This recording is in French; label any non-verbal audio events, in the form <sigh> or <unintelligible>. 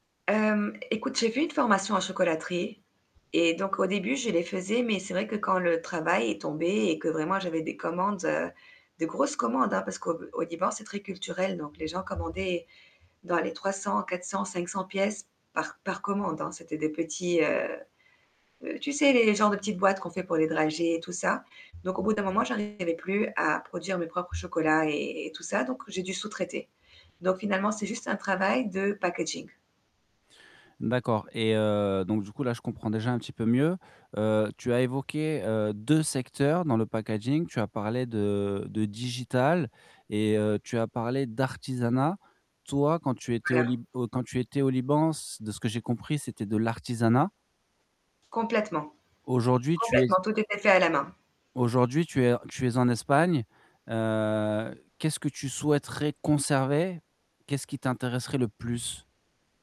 Hem écoute, j'ai fait une formation en chocolaterie et donc, au début, je les faisais, mais c'est vrai que quand le travail est tombé et que vraiment j'avais des commandes, heu, de grosses commandes hein, parce qu'au b au Liban, c'est très culturel, donc les gens commandaient dans les 300-400-500 pièces par par commande, hein. C'étaient des petits, heu heu, tu sais, les genre de petites boîtes qu'on fait pour les dragées et tout ça, donc au bout d'un moment, j'arrivais plus à produire mes propres chocolats, et et tout ça, donc j'ai dû sous-traiter, donc finalement, c'est juste un travail de packaging. D'accord et, heu, donc du coup là, je comprends déjà un petit peu mieux. Heu, tu as évoqué, heu, 2 secteurs, dans le packaging, tu as parlé de de digital et, heu, tu as parlé d'artisanat. Toi, quand tu étais au Lib <unintelligible> au quand tu étais au Liban, s de ce que j'ai compris, c'était de l'artisanat? Complètement, Aujourd'hui tu es complètement, s tout était fait à la main. aujourd'hui tu es tu es en Espagne. Heu, qu'est-ce que tu souhaiterais conserver? Qu'est-ce qui t'intéresserait le plus?